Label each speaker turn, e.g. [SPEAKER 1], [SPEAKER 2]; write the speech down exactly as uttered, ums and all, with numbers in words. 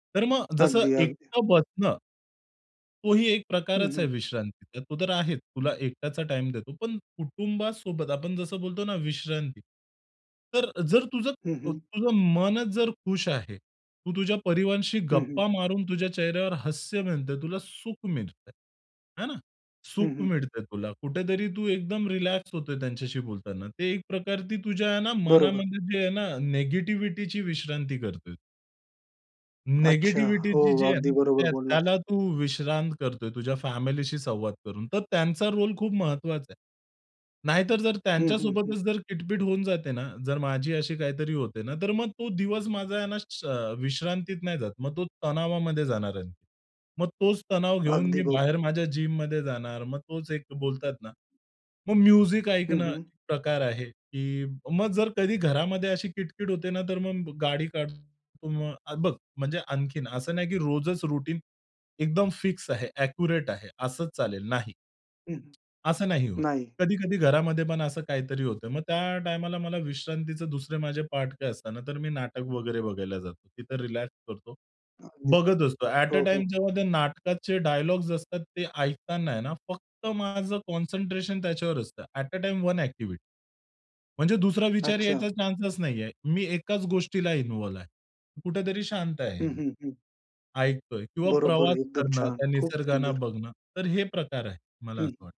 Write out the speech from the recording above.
[SPEAKER 1] तर मग जसं
[SPEAKER 2] अगदी, अगदी.
[SPEAKER 1] एकट बसणं तोही एक
[SPEAKER 2] हं,
[SPEAKER 1] प्रकारच आहे
[SPEAKER 2] हं.
[SPEAKER 1] विश्रांतीचा. तो तर आहेच, तुला एकटाचा टाईम देतो. पण कुटुंबासोबत आपण जसं बोलतो ना विश्रांती. तर जर तुझं
[SPEAKER 2] हं,
[SPEAKER 1] अ,
[SPEAKER 2] हं.
[SPEAKER 1] तुझं मनचं जर खुश आहे. तू तुझ्या परिवाराशी
[SPEAKER 2] हं, हं.
[SPEAKER 1] गप्पा मारून तुझ्या चेहऱ्यावर हास्य मिळतंय तुला सुख मिळतं आहे. आहे ना.
[SPEAKER 2] हं,
[SPEAKER 1] सुख
[SPEAKER 2] हं.
[SPEAKER 1] मिळतं आहे. तुला कुठेतरी तू एकदम रिलॅक्स होतो आहे, त्यांच्याशी बोलताना ते एक प्रकारती तुझ्या आहे ना
[SPEAKER 2] बरोबर.
[SPEAKER 1] मनामध्ये जे आहे ना, निगेटिव्हिटीची विश्रांती करतो आहे.
[SPEAKER 2] अच्छा. हो.
[SPEAKER 1] निगेटिव्हिटीची जी आहे
[SPEAKER 2] अगदी
[SPEAKER 1] ना,
[SPEAKER 2] बरोबर
[SPEAKER 1] त्या
[SPEAKER 2] बोललास.
[SPEAKER 1] त्याला तू विश्रांत करतो आहे, तुझ्या फॅमिलीशी संवाद करून. तर त्यांचा रोल खूप महत्वाचा आहे. नाही तर जर
[SPEAKER 2] हं, हं, हं.
[SPEAKER 1] त्यांच्यासोबतच जर किटपट होऊन जाते ना, जर माझी अशी काहीतरी होते ना, तर मग तो दिवस माझा आहेना, अ, विश्रांतीत नाही जात. मग तो तणावामध्ये जाणार आहे. मग तोच तणाव घेऊन मी
[SPEAKER 2] अगदी बर
[SPEAKER 1] बाहेर माझ्या जिममध्ये जाणार मग तोच एक बोलतात ना. मग म्युझिक
[SPEAKER 2] हं,
[SPEAKER 1] ऐकणं,
[SPEAKER 2] हं.
[SPEAKER 1] एक प्रकार आहे, की मग जर कधी घरामध्ये अशी किटकिट होते ना तर मग गाडी काढतो. मग बघ म्हणजे आणखीन असं नाही, की रोजच रुटीन एकदम फिक्स आहे, एक्युरेट आहे. असंच चालेल नाही.
[SPEAKER 2] हं.
[SPEAKER 1] असं नाही होत.
[SPEAKER 2] नाही.
[SPEAKER 1] कधी-कधी घरामध्ये पण असं काहीतरी होतं. मग त्या टाईमाला मला विश्रांतीचे दुसरे माझे पाठ काय असतात ना, तर मी नाटक वगैरे बघायला जातो. तिथं रिलॅक्स करतो.
[SPEAKER 2] अगदी.
[SPEAKER 1] बघत असतो. ऍट अ,
[SPEAKER 2] हो,
[SPEAKER 1] टाईम
[SPEAKER 2] हो.
[SPEAKER 1] जेव्हा त्या नाटकाचे डायलॉग्स असतात ते ऐकताना आहे ना, फक्त माझं कॉन्सन्ट्रेशन त्याच्यावर असतं. At uh, time one activity. म्हणजे दुसरा विचार
[SPEAKER 2] अच्छा.
[SPEAKER 1] यायचा चान्सच नाही आहे. मी एकाच गोष्टीला इन्व्हॉल्व्ह आहे. कुठेतरी शांत
[SPEAKER 2] हं,
[SPEAKER 1] आहे.
[SPEAKER 2] हं, हं.
[SPEAKER 1] ऐकतो आहे किंवा
[SPEAKER 2] बरोबर.
[SPEAKER 1] प्रवास
[SPEAKER 2] एकदम
[SPEAKER 1] करणं,
[SPEAKER 2] छान.
[SPEAKER 1] त्या
[SPEAKER 2] खूप
[SPEAKER 1] निसर्गाने
[SPEAKER 2] सुंदर.
[SPEAKER 1] बघणं तर हे प्रकार आहे. मला असं
[SPEAKER 2] हं.
[SPEAKER 1] वाट